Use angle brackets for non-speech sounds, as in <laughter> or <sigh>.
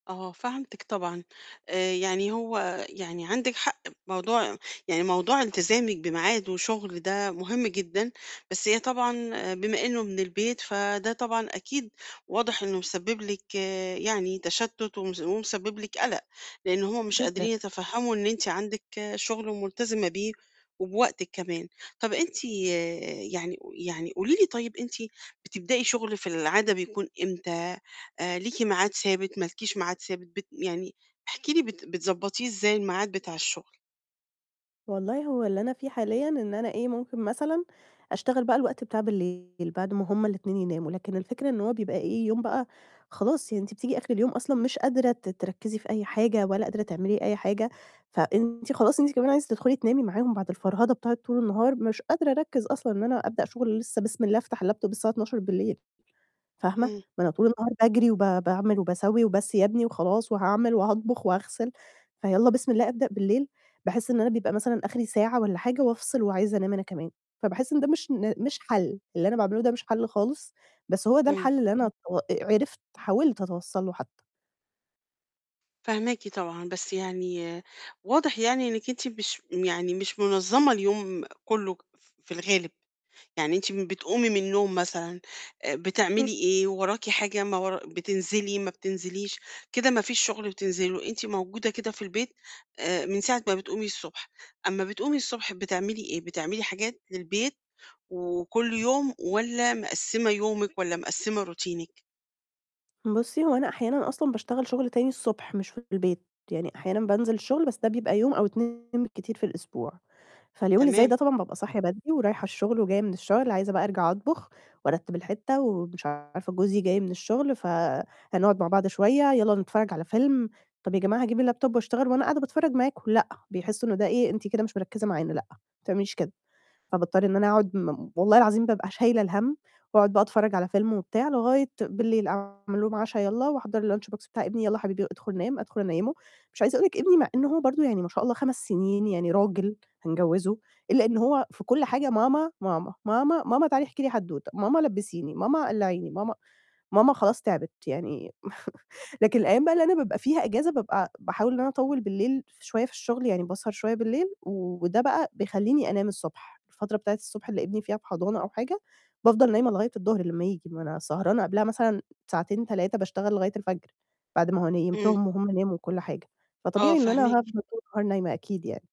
آه، فهمتِك طبعًا. آآ، يعني هو يعني عندِك حق موضوع يعني موضوع التزامِك بميعاد، وشُغل ده مهم جدًا، بس هي طبعًا بما إنه من البيت، فده طبعًا، أكيد، واضح إنه مسبب لِك آآ، يعني تشتت، ومس ومسبب لِك قَلَق، لأن هُم مش قادرين <unintelligible> يتفهموا إن أنتِ عندِك شغل ملتزمة بيه، وبوقتِك كمان. طَب أنتِ آآ، يعني ق يعني قولي لي طيب، أنتِ بتبدأي شُغل في العادة بيكون إمتى، آآ ليكِ ميعاد ثابت، ما لكيش معاد ثابت، بت يعني احكي لي بت بتضبطيه إزاي الميعاد بتاع الشغل؟ والله هو اللي أنا فيه حاليًا، إن أنا إيه ممكن مثلًا أشتغل بقى الوقت بتاع بالليل. بعد ما هُم ال2 يناموا، لكن الفكرة إن هو بيبقى إيه؟ يوم بقى خلاص، يعني أنتِ بتييجي آخر اليوم أصلًا مش قادرة ت تركّزي في أي حاجة، ولا قادرة تعملي أي حاجة، فأنتِ خلاص أنتِ كمان عايزة تدخلي تنامي معاهم، بعد الفرهدة بتاعة طول النهار، مش قادرة أركّز أصلًا، إن أنا أبدأ شُغل لسه، بسم الله، أفتح الLaptop 24:00 فاهمة؟ امم. ما أنا طول النهار باجري، وب باعمل، وباسوّي، "وبس يا ابني." وخلاص وهاعمل، وهاطبخ، وهاغسل. فيالّا بسم الله، أبدأ بالليل، باحس إن أنا بيبقى مثلًا آخري ساعة والّا حاجة، وأفصل، وعايزة أنام أنا كمان، فباحس إن ده مش ن مش حل، اللي أنا باعمله ده مش حل خالص، بس هو ده امم. الحل اللي أنا تَوَ آآ، عرفت حاولت أتوصل له حتى. فاهماكِ طبعًا، بس يعني واضح يعني إنِّك أنتِ مش يعني مش منظّمة اليوم كلّه، ف في الغالب، يعني أنتِ م بتقومي من النوم مثلًا، آآ، اهم. بتعملي إيه؟ وراكِ حاجة، ما ورا بتنزلي، ما بتنزليش؟ كده ما فيش شُغل بتنزلي له، أنتِ موجودة كده في البيت، آآ، من ساعة ما بتقومي الصبح، أمّا بتقومي الصبح، بتعملي إيه، بتعملي حاجات للبيت، وكلّ يوم، والّا مقسِّمة يومِك، والّا مقسِّمة روتينِك؟ بُصّي، هو أنا أحيانًا أصلًا باشتغل شُغل تاني الصبح، مش في البيت يعني أحيانًا بانزل الشُغل، بس ده بيبقى يوم أو 2 بالكتير في الأسبوع، فاليوم اللي زَي تمام. ده طبعًا بابقى صاحية بدري، ورايحة الشُغل، وجاية من الشُغل، عايزة بقى أرجع أطبخ، وأرتّب الحِتّة، ومش عارفة جوزي جاي من الشُغل، فهنقعد مع بعض شوية، "يالّا نتفرج على فيلم." "طَب يا جماعة هاجيب الLaptop وأشتغل، وأنا قاعدة باتفرج معاكم؟" "لأ." بيحسوا إن ده إيه "أنتِ كده مش مركّزة معانا، لأ، ما تعمليش كده." فباضطر إن أنا أقعد م والله العظيم بابقى شايلة الهَم، وأقعد بقى أتفرّج على فيلم وبتاع لغاية بالليل أعمل لهم عشا، يالّا، وأحضّر الlunch box بتاع ابني، "يالّا حبيبي أدخل نام." أدخل أنيّمه، مش عايزة أقول لِك ابني مع إنه هو برضه يعني ما شاء الله 5 سنين يعني راجل هنجوّزه، إلا إن هو في كلّ حاجة "ماما، ماما، ماما، ماما تعالي احكي لي حدّوتة، ماما لبّسيني، ماما قلّعيني ماما" ماما خلاص تعبِت يعني م <chuckles> لكن الأيّام بقى أنا بابقى فيها أجازة، بابقى ع باحاول إن أنا أطوّل بالليل ف شوية في الشغل، يعني باسهر شوية بالليل، وده بقى بيخلّيني أنام الصبح، الفترة بتاعة الصبح، اللي ابني فيها في حضانة أو حاجة، بافضل نايمة لغاية الضهر لمّا ييجي، ما أنا سهرانة قبلها مثلًا ساعتين، 3 باشتغل لغاية الفجر، بعد ما هو امم. نيمتهم، وهُم ناموا، وكلّ حاجة. آه، فطبيعي إن أنا فاهماكِ. هافضل طول النهار نايمة أكيد يعني.